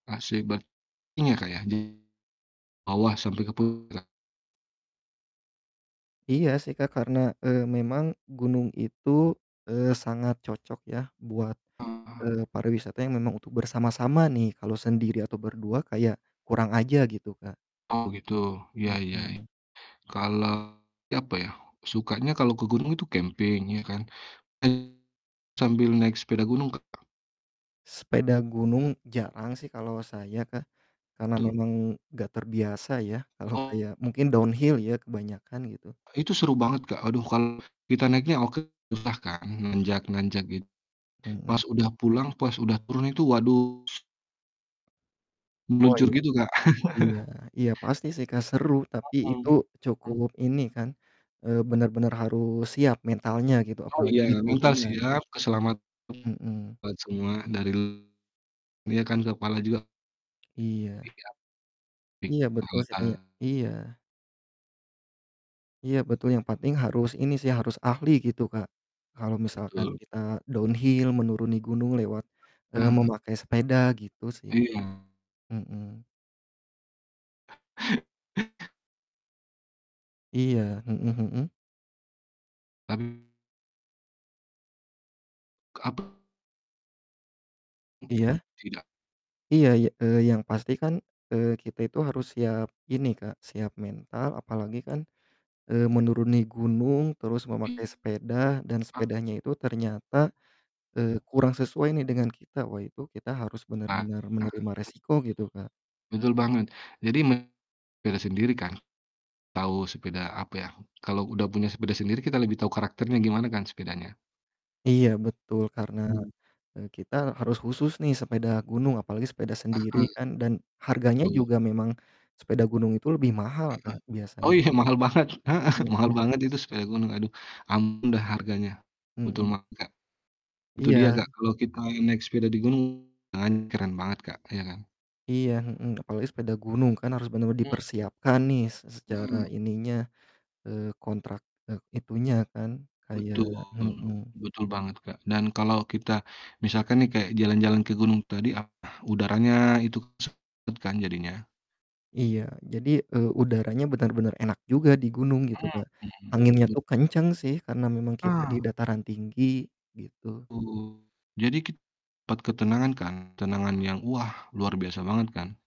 Masih ber ini Kak ya di, bawah sampai ke puncak Iya sih Kak, karena, eee, memang gunung itu, eee, sangat cocok ya buat, Oh. eee, pariwisata yang memang untuk bersama-sama nih. Kalau sendiri atau berdua kayak, kurang aja gitu Kak. Oh gitu. Ya ya ya. Hmm. Kalau, apa ya, sukanya kalau ke gunung itu camping, ya kan. Kan sambil naik sepeda gunung Kak. Sepeda gunung, jarang sih kalau saya Kak. Karena Tuh. memang nggak terbiasa ya, kalau Oh. kayak mungkin downhill ya, kebanyakan gitu. Itu seru banget Kak. Aduh, kalau kita naiknya oke, susah kan, nanjak-nanjak git Hmm. Pas udah pulang, pas udah turun, itu waduh s Oh meluncur iya. gitu Kak. Iya iya pasti sih Kak seru tapi itu Mhm, mmm. cukup ini kan, eee, benar-benar harus siap mentalnya gitu, Oh apalagi di iya mental turunan. siap, keselamatan Hmm. buat semua dari l iya kan, kepala juga. Iya. Iyap. Iya betul sih kayak [unintelligible] iya. Iya betul, yang pating harus ini sih, harus ahli gitu Kak, kalau misalkan Betul. kita downhill menuruni gunung lewat, eee, Hmm. memakai sepeda, gitu sih. Iya. Hmm. Iya. Hmm hmm. Tapi Apa? Mmm, Iya. tidak. Iya, y eee, yang pasti kan, eee, kita itu harus siap ini Kak, siap mental, apalagi kan, eee, menuruni gunung terus memakai Iya. sepeda, dan sepedanya itu ternyata, eee, kurang sesuai nih dengan kita. Wah itu kita harus Ah, benar-benar bet menerima risiko gitu Kak. betul banget. Jadi me beda sendiri kan. Tahu, sepeda apa ya, kalau udah punya sepeda sendiri kita lebih tahu karakternya gimana kan sepedanya. Iya betul karena, Hmm. eee, kita harus khusus nih sepeda gunung apalagi sepeda sendiri Heeh kan, dan, harganya tul. juga memang sepeda gunung itu lebih mahal Heeh. Kak Oh biasanya. iya mahal banget, heeh, mahal Hmm. banget itu sepeda gunung. Aduh, ampun dah harganya. Betul Hmm. banget Kak. Itu dia Iya. Kak, kalau kita naik sepeda di gunung, kan keren banget Kak. Ya kan. Iya, hmm, apalagi sepeda gunung kan harus benar-benar Mhm. dipersiapkan nih s secara Mhm. ininya, eee, kontrak, e itunya kan, kayak Betul mhm. betul banget Kak. Dan kalau kita, misalkan nih kayak jalan-jalan ke gunung tadi, ah, udaranya itu sejuk banget kan jadinya. Iya, jadi, eee, udaranya benar-benar enak juga di gunung gitu Kak. Mhm, Anginnya bet tuh kencang sih, karena memang kita di Ah. dataran tinggi, gitu. Betul. Jadi kit dapat ketenangan kan. Ketenangan yang wah, luar biasa banget kan.